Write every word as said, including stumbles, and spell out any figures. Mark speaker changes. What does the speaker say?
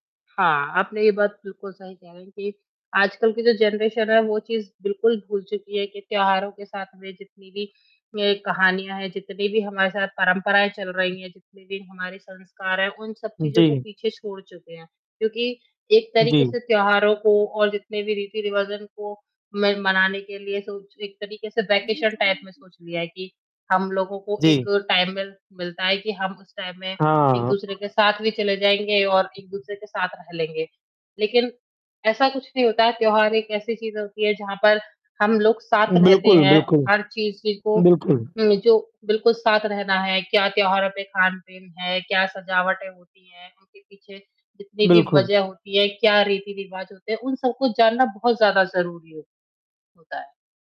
Speaker 1: हाँ, आपने ये बात बिल्कुल सही कह रहे हैं, कि आजकल की जो जनरेशन है, वो चीज़ बिल्कुल भूल चुकी है, कि त्याेहारों के साथ में जितनी भी ये कहानियाँ हैं, जितनी भी हमारे साथ परंपराएँ चल रही हैं, जितने भी हमारे संस्कार हैं, उन सब चीज़ों को
Speaker 2: जी।
Speaker 1: पीछे छोड़ चुके हैं। क्योंकि एक तरीके
Speaker 2: जी।
Speaker 1: से त्याेहारों को और जितने भी रिवाजन को, मैं मनाने के लिए सोच एक तरीके से वेकेशन टाइप में
Speaker 2: [unintelligible]
Speaker 1: सोच लिया है। कि हम लोगों को एक
Speaker 2: जी।
Speaker 1: टाइमवेल मिलता है, कि हम उस टाइम में
Speaker 2: हाँ।
Speaker 1: एक-दूसरे के साथ भी चले जाएँगे और एक-दूसरे के साथ रह लेंगे। लेकिन ऐसा कुछ नहीं होता, त्योहार एक ऐसी चीज़ होती है, जहाँ पर हम लोग साथ रहते
Speaker 2: बिल्कुल,
Speaker 1: हैं,
Speaker 2: बिल्कुल।
Speaker 1: हर चीज़, ज़ी को,
Speaker 2: बिल्कुल।
Speaker 1: में जो बिल्कुल साथ रहना है, क्या त्योहारों पे खान-पीन है, क्या सजावटें होती हैं? उनके पीछे जितनी भी
Speaker 2: बिल्कुल।
Speaker 1: वजह होती है, क्या रीति-रिवाज होते हैं? उन सब को जानना बहुत ज़्यादा ज़रूरी हो होता है।